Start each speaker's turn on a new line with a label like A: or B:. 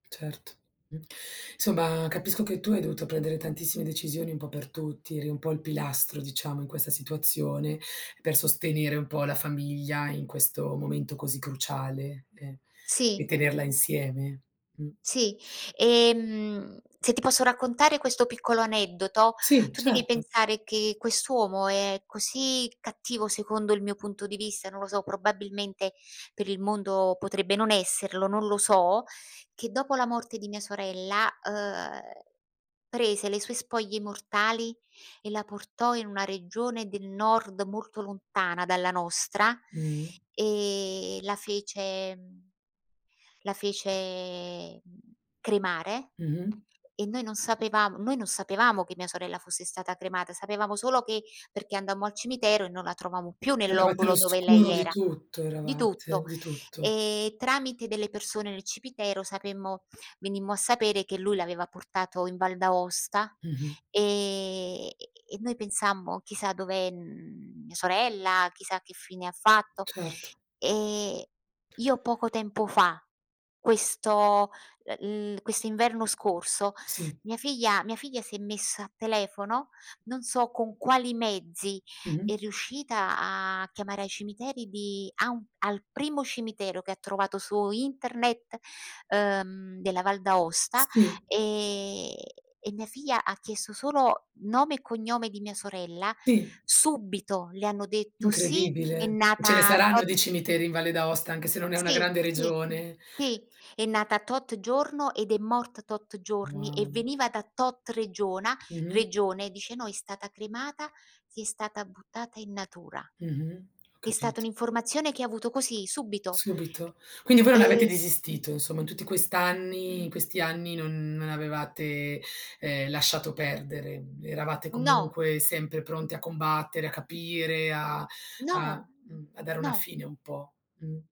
A: Certo, insomma, capisco che tu hai dovuto prendere tantissime decisioni un po' per tutti, eri un po' il pilastro, diciamo, in questa situazione, per sostenere un po' la famiglia in questo momento così cruciale e e
B: Sì.
A: tenerla insieme. Mh.
B: Sì, ehm, se ti posso raccontare questo piccolo aneddoto,
A: Sì,
B: tu devi
A: certo.
B: pensare che quest'uomo, è così cattivo, secondo il mio punto di vista, non lo so, probabilmente per il mondo potrebbe non esserlo, non lo so; che dopo la morte di mia sorella, ehm, prese le sue spoglie mortali, e la portò in una regione del Nord, molto lontana dalla nostra,
A: Mh.
B: e la fece la fece cremare,
A: Mh-mh.
B: e noi non sapevamo noi non sapevamo che mia sorella fosse stata cremata, sapevamo solo che perché andammo al cimitero, e non la trovammo più nel
A: Eravate
B: loculo dove lei
A: all'oscuro di
B: era
A: tutto
B: di
A: eravate,
B: tutto.
A: di tutto.
B: Ehm, tramite delle persone nel cimitero, sapemmo venimmo a sapere, che lui l'aveva portato in Val d'Aosta,
A: Mh-mh.
B: ehm, e e noi pensammo: "Chissà dov'è, uhm, mia sorella, chissà che fine fatto."
A: Certo.
B: E io poco tempo fa, questo, ehm, l'i questo inverno scorso,
A: Sì.
B: mia figlia mia figlia si è messa a telefono, non so con quali mezzi, è
A: Mh-mh.
B: riuscita a chiamare ai cimiteri di a un al primo cimitero che trovato su internet, ehm, della Val d'Aosta,
A: Sì.
B: ehm, e mia figlia ha chiesto solo nome e cognome di mia sorella,
A: Sì.
B: subito le hanno detto: "Sì, è
A: Incredibile, ce ne
B: nata
A: saranno
B: tot"
A: di cimiteri in Valle d'Aosta, anche se non è una
B: Si,
A: grande
B: sì,
A: regione.
B: sì è nata tot giorno ed è morta tot giorni, e
A: Wow.
B: veniva da tot regiona
A: Mh-mh.
B: regione, dice: "No, è stata cremata, ed è stata buttata in natura."
A: Mh-mh. Ho
B: È stata
A: capito.
B: un'informazione che avuto così subito.
A: Subito, quindi voi non avete
B: E
A: desistito, insomma, in tutti quest'anni in questi anni, non non avevate, ehm, lasciato perdere; eravate
B: No.
A: comunque sempre pronti a combattere, a capire, a a
B: No!
A: mh, a dare una
B: No.
A: fine un po'. Mh.